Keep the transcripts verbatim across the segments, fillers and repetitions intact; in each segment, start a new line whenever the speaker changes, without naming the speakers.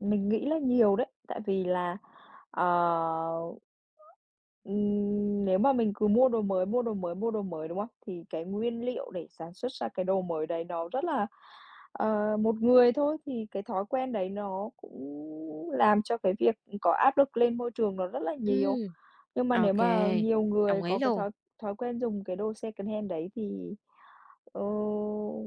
Mình nghĩ là nhiều đấy, tại vì là, ờ, ừm, nếu mà mình cứ mua đồ mới, mua đồ mới, mua đồ mới, đúng hông? Thì cái nguyên liệu để sản xuất ra cái đồ mới đấy nó rất là ờ, một người thôi thì cái thói quen đấy nó cũng làm cho cái việc, ừm, có áp lực lên môi trường nó rất là nhiều.
Ừm.
Nhưng mà nếu
OK.
mà nhiều người
Đồng ý
có cái
luôn.
thói thói quen dùng cái đồ secondhand đấy thì, ờ,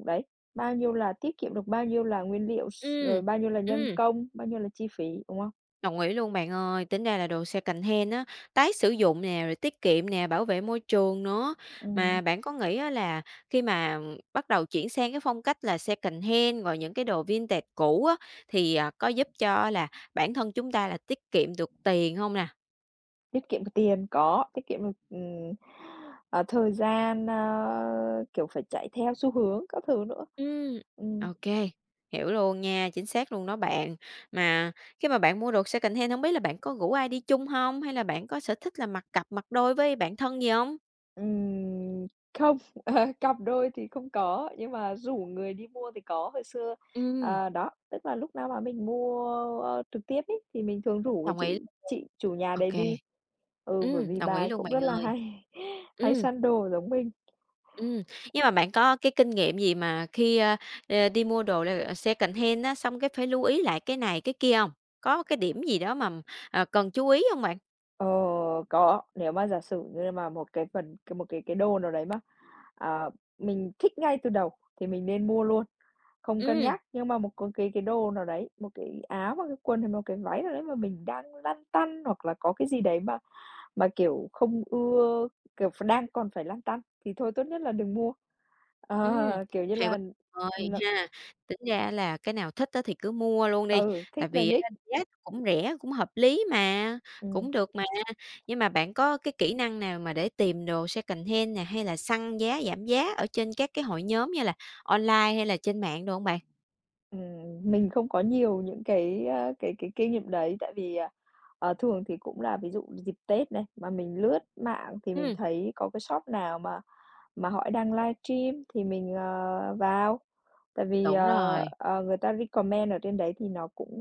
đấy, bao nhiêu là tiết kiệm được bao nhiêu là nguyên liệu, s
Ừm,
rồi bao nhiêu là nhân
ừm.
công, bao nhiêu là chi phí, đúng hông?
Đồng ý luôn bạn ơi. Tính ra là đồ secondhand á, tái sử dụng nè, rồi tiết kiệm nè, bảo vệ môi trường nữa.
Ừm.
Mà bạn có nghĩ á là khi mà, ừm, bắt đầu chuyển sang cái phong cách là secondhand rồi những cái đồ vintage cũ á, thì, à, có giúp cho á là bản thân chúng ta là tiết kiệm được tiền hông nè?
Tiết kiệm được tiền, có, tiết kiệm được, ừm, à, thời gian, a, kiểu, phải chạy theo xu hướng các thứ nữa.
Ừm,
Ừm.
OK, hiểu luôn nha. Chính xác luôn đó bạn. Mà khi mà bạn mua đồ secondhand, hông biết là bạn có rủ ai đi chung hông? Hay là bạn có sở thích là mặc cặp, mặc đôi với bạn thân gì hông?
Ừm, không. Ờ, cặp đôi thì không có, nhưng mà rủ người đi mua thì có. Hồi xưa,
Ừm.
à, đó, tức là lúc nào mà mình mua, a, a, trực tiếp ấy thì mình thường rủ cái
Đồng ý
chủ
luôn.
chị chủ nhà đấy
OK.
đi. Ừ, bởi
Ừm,
vì
đồng
bà
ý
ấy
luôn
cũng
bạn
rất là
ơi.
hay hay
Ừm.
săn đồ giống mình.
Ừm, nhưng mà bạn có cái kinh nghiệm gì mà khi, a, à, đi mua đồ, ờ, secondhand á, xong cái phải lưu ý lại cái này, cái kia hông? Có cái điểm gì đó mằm, ờ, cần chú ý hông bạn?
Ờ, có. Nếu mà giả sử như mà một cái phần c một cái cái đồ nào đấy ma, à, mình thích ngay từ đầu thì mình nên mua luôn, không cân
Ừm.
nhắc. Nhưng mà một có cái cái đồ nào đấy, một cái áo hoặc cái quần hay một cái váy nào đấy mà mình đang lăn tăn hoặc là có cái gì đấy mà mà kiểu không ưa, kiểu, ph đang còn phải lăn tăn, thì thôi tốt nhất là đừng mua.
Ừm,
Ờ, kiểu như
hay quá
là,
ơi,
ừm, ờ
ha. Tính ra, á, là cái nào thích, á, thì cứ mua luôn đi,
Ừ, thích
tại
là
vì á,
nhích.
giá nó cũng rẻ, cũng hợp lý mà,
Ừm.
cũng được mà. Nhưng mà bạn có cái kỹ năng nào mà để tìm đồ secondhand nè hay là săn giá giảm giá ở trên các cái hội nhóm, như là, online hay là trên mạng đồ hông bạn?
Ừm, ừm, mình không có nhiều những cái, a, cái cái kinh nghiệm đấy, tại vì, ờ, ờ, thường thì cũng là ví dụ như dịp Tết này mà mình lướt mạng thì mình
Ừm.
thấy có cái shop nào mà mà họ đang livestream thì mình, ờ, vào. Tại vì,
Đúng
ờ,
rồi.
ờ, người ta recommend ở trên đấy thì nó cũng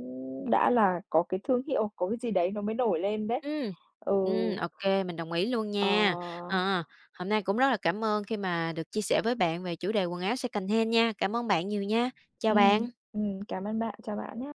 đã là có cái thương hiệu, có cái gì đấy nó mới nổi lên đấy.
Ừm,
Ừ.
ừm, OK, mình đồng ý luôn
Ờ.
nha. Ờ, hôm nay cũng rất là cảm ơn khi mà được chia sẻ với bạn về chủ đề quần áo secondhand nha. Cảm ơn bạn nhiều nha. Chào
Ừm,
bạn.
ừm, cảm ơn bạn. Chào bạn nhá.